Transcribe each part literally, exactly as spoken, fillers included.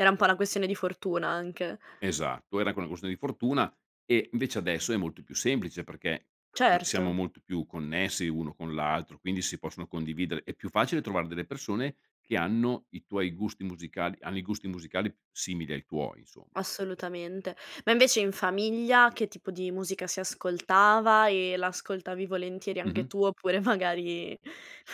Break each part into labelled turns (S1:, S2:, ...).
S1: Era un po' una questione di fortuna anche.
S2: Esatto, era anche una questione di fortuna, e invece adesso è molto più semplice perché no siamo
S1: Certo.
S2: molto più connessi uno con l'altro, quindi si possono condividere è più facile trovare delle persone che hanno i tuoi gusti musicali, hanno i gusti musicali simili ai tuoi, insomma.
S1: Assolutamente. Ma invece in famiglia che tipo di musica si ascoltava? E la ascoltavi volentieri anche
S2: Mh-mh.
S1: tu oppure magari,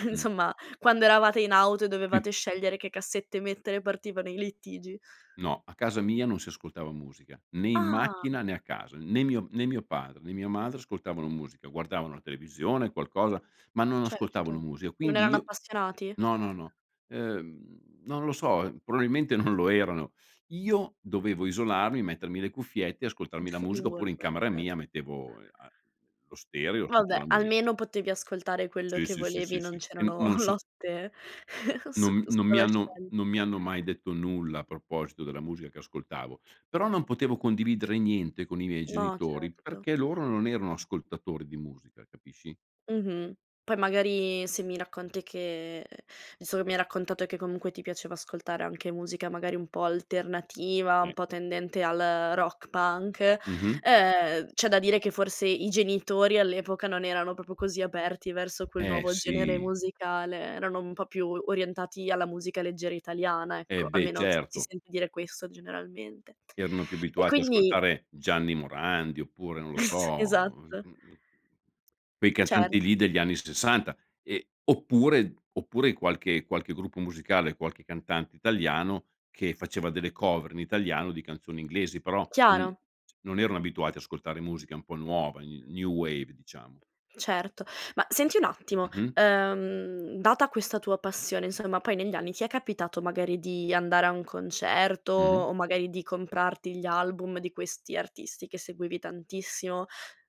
S2: Mh.
S1: insomma, quando eravate in auto e
S2: Mh.
S1: dovevate scegliere che cassette mettere partivano i litigi?
S2: No, a casa mia non si ascoltava musica, né in
S1: Ah!
S2: macchina né a casa, n né mio né mio padre, né mia madre ascoltavano musica, guardavano la televisione qualcosa, ma non ascoltavano
S1: Certo.
S2: musia.
S1: Non
S2: Quindi
S1: erano
S2: io
S1: appassionati?
S2: no, no, no, no, ehm non lo so, ehm, probabilmente non lo erano. Io dovevo isolarmi, mettermi le cuffiette, e ascoltarmi la
S1: Il
S2: musica, oppure in
S1: Walkman,
S2: camera
S1: certo.
S2: mia mettevo e a lo stereo e
S1: Va
S2: sentivo
S1: beh,
S2: la musi
S1: almeno potevi ascoltare quello
S2: Sì,
S1: che
S2: sì, sì,
S1: volevi,
S2: sì,
S1: non
S2: sì. E
S1: c'erano
S2: non so
S1: lotte
S2: non
S1: su
S2: mi
S1: qu su
S2: non mi
S1: cosa
S2: hanno
S1: scegliere
S2: non mi hanno mai detto nulla a proposito della musica che ascoltavo, però non potevo condividere niente con i miei
S1: No,
S2: genitori
S1: certo.
S2: perché loro non erano ascoltatori di musica, capisci?
S1: Mh-mh, poi magari se mi racconti che insomma mi hai raccontato che comunque ti piaceva ascoltare anche musica magari un po' alternativa,
S2: Sì.
S1: un po' tendente al rock punk,
S2: Mh-mh.
S1: uhm, c'è da dire che forse i genitori all'epoca non erano popio così aperti verso quel
S2: Eh
S1: nuovo genere
S2: sì.
S1: musicale, erano un po' più orientati alla musica leggera italiana,
S2: Eh
S1: ecco,
S2: beh,
S1: almeno s si
S2: certo.
S1: sente dire questo generalmente.
S2: Erano più
S1: E
S2: abituati a
S1: quindi
S2: ascoltare Gianni Morandi, oppure non lo so, mhmm,
S1: Esatto.
S2: quei
S1: Certo.
S2: cantanti lì degli anni sessanta e oppure oppure qualche qualche gruppo musicale, qualche cantante italiano che faceva delle cover in italiano di canzoni inglesi, però n c
S1: Chiaro.
S2: non erano abituati a ascoltare musica un po' nuova, new new wave diciamo.
S1: Certo. Ma senti un attimo,
S2: Mh-mh.
S1: uhm, data questa tua passione, insomma, poi negli anni ti è capitato magari di andare a un concerto,
S2: Mh-mh.
S1: o magari di comprarti gli album di questi artisti che seguivi tantissimo?